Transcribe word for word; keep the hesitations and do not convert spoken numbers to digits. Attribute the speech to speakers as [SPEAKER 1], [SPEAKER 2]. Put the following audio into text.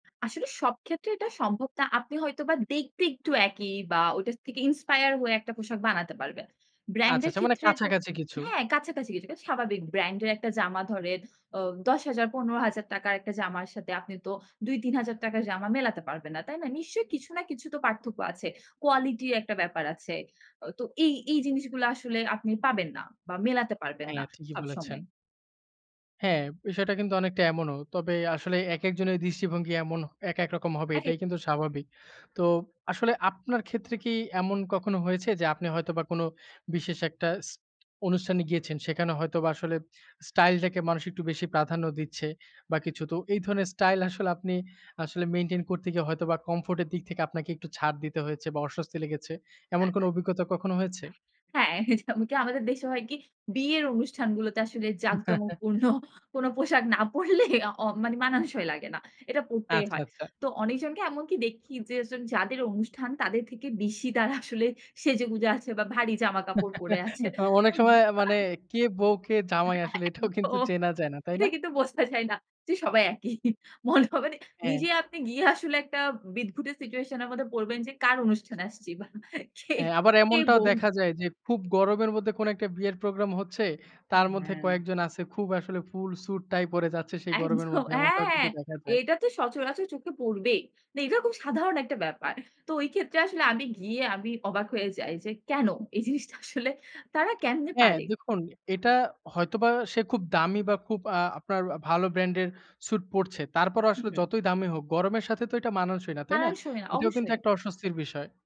[SPEAKER 1] আসলে সবক্ষেত্রে এটা সম্ভব না। আপনি হয়তোবা দেখতে একটু একই বা ওইটার থেকে inspire হয়ে একটা পোশাক বানাতে পারবেন। Brand
[SPEAKER 2] আচ্ছা,
[SPEAKER 1] এর
[SPEAKER 2] আচ্ছা। মানে
[SPEAKER 1] ক্ষেত্রে তো
[SPEAKER 2] কাছাকাছি কিছু।
[SPEAKER 1] হ্যাঁ, কাছাকাছি কিছুটা। স্বাভাবিক brand এর একটা জামা ধরেন, অ দশ হাজার, পনের হাজার টাকা র একটা জামার সাথে আপনি তো দুই-তিন হাজার টাকার জামা মেলাতে পারবেন না। তাই না? নিশ্চয়ই কিছু না কিছু তো পার্থক্য আছে। কোয়ালিটির একটা ব্যাপার আছে। অ তো এই এই জিনিসগুলো আসলে আপনি পাবেন না বা মেলাতে পারবেন না
[SPEAKER 2] হ্যাঁ, ঠিকই বলেছেন।
[SPEAKER 1] সবসময়।
[SPEAKER 2] হ্যাঁ। বিষয়টা কিন্তু অনেকটা এমনও। তবে আসলে একেক জনের দৃষ্টিভঙ্গি এমন একেকরকম হবে
[SPEAKER 1] একেক
[SPEAKER 2] এটাই কিন্তু স্বাভাবিক। তো, আসলে আপনার ক্ষেত্রে কি এমন কখনো হয়েছে, যে আপনি হয়তোবা কোন বিশেষ একটা ইস অনুষ্ঠানে গিয়েছেন। সেখানে হয়তোবা আসলে স্টাইলটাকে মানুষ একটু বেশি প্রাধান্য দিচ্ছে বা কিছু। তো, এই ধরনের স্টাইল আসলে আপনি আসলে মেইনটেইন করতে গিয়ে হয়তোবা comfort এর দিক থেকে আপনাকে একটু ছাড় দিতে হয়েছে বা অস্বস্তি লেগেছে। এমন কোন
[SPEAKER 1] [unintelligible]
[SPEAKER 2] অভিজ্ঞতা কখনো হয়েছে?
[SPEAKER 1] হ্যাঁ, যেমন কি আমাদের দেশে হয় কি? বিয়ের অনুষ্ঠানগুলোতে আসলে জাকজমকপূর্ণ কোন পোশাক না পরলে অ মানে মানানসই লাগে না। এটা পরতেই
[SPEAKER 2] আচ্ছা,
[SPEAKER 1] হয়।
[SPEAKER 2] আচ্ছা।
[SPEAKER 1] তো অনেকজনকে এমনকি দেখি যে, যেজন যাদের অনুষ্ঠান তাদের থেকে বেশি তারা আসলে সেজেগুজে আছে বা ভারী জামাকাপড় পরে আছে।
[SPEAKER 2] অনেক
[SPEAKER 1] হুম।
[SPEAKER 2] সময় মানে কে বউ, কে জামাই আসলে এটাও কিন্তু
[SPEAKER 1] একদম।
[SPEAKER 2] চেনা যায় না। তাই
[SPEAKER 1] এটা
[SPEAKER 2] না?
[SPEAKER 1] কিন্তু বোঝা যায় না যে সবাই একই। মনে হবে
[SPEAKER 2] হ্যাঁ।
[SPEAKER 1] নিজে আপনি গিয়ে আসলে একটা উ বিদঘুটে situation এর মধ্যে পড়বেন যে কার অনুষ্ঠানে আসছি। বা কে
[SPEAKER 2] হ্যাঁ, আবার
[SPEAKER 1] কে
[SPEAKER 2] এমনটাও
[SPEAKER 1] বৌ?
[SPEAKER 2] দেখা যায় যে খুব গরমের মধ্যে কোন একটা বিয়ের প্রোগ্রাম হচ্ছে।
[SPEAKER 1] অ্যা
[SPEAKER 2] তার মধ্যে
[SPEAKER 1] হ্যাঁ।
[SPEAKER 2] কয়েকজন আছে খুব আসলে full suit, tie পরে যাচ্ছে সেই গরমের
[SPEAKER 1] একদম,
[SPEAKER 2] মধ্যে। এমনটাও
[SPEAKER 1] হ্যাঁ।
[SPEAKER 2] কিন্তু দেখা যায়।
[SPEAKER 1] এটা তো সচরাচর চোখে পড়বেই। না, এটা খুব সাধারণ একটা ব্যাপার। তো, ওইক্ষেত্রে আসলে আমি গিয়ে আমি অবাক হয়ে যাই যে, কেন? এই জিনিসটা আসলে তারা কেমনে
[SPEAKER 2] হ্যাঁ,
[SPEAKER 1] পারে?
[SPEAKER 2] দেখুন এটা হয়তোবা সে খুব দামি বা খুব আ আপনার আ ভালো brand এর suit পরছে। তারপরও আসলে
[SPEAKER 1] হুহু।
[SPEAKER 2] যতই দামি হোক, গরমের সাথে তো এটা মানানসই না। তাই না?
[SPEAKER 1] মানানসই না।
[SPEAKER 2] এটাও কিন্তু
[SPEAKER 1] অবশ্যই।
[SPEAKER 2] একটা অস্বস্তির বিষয়।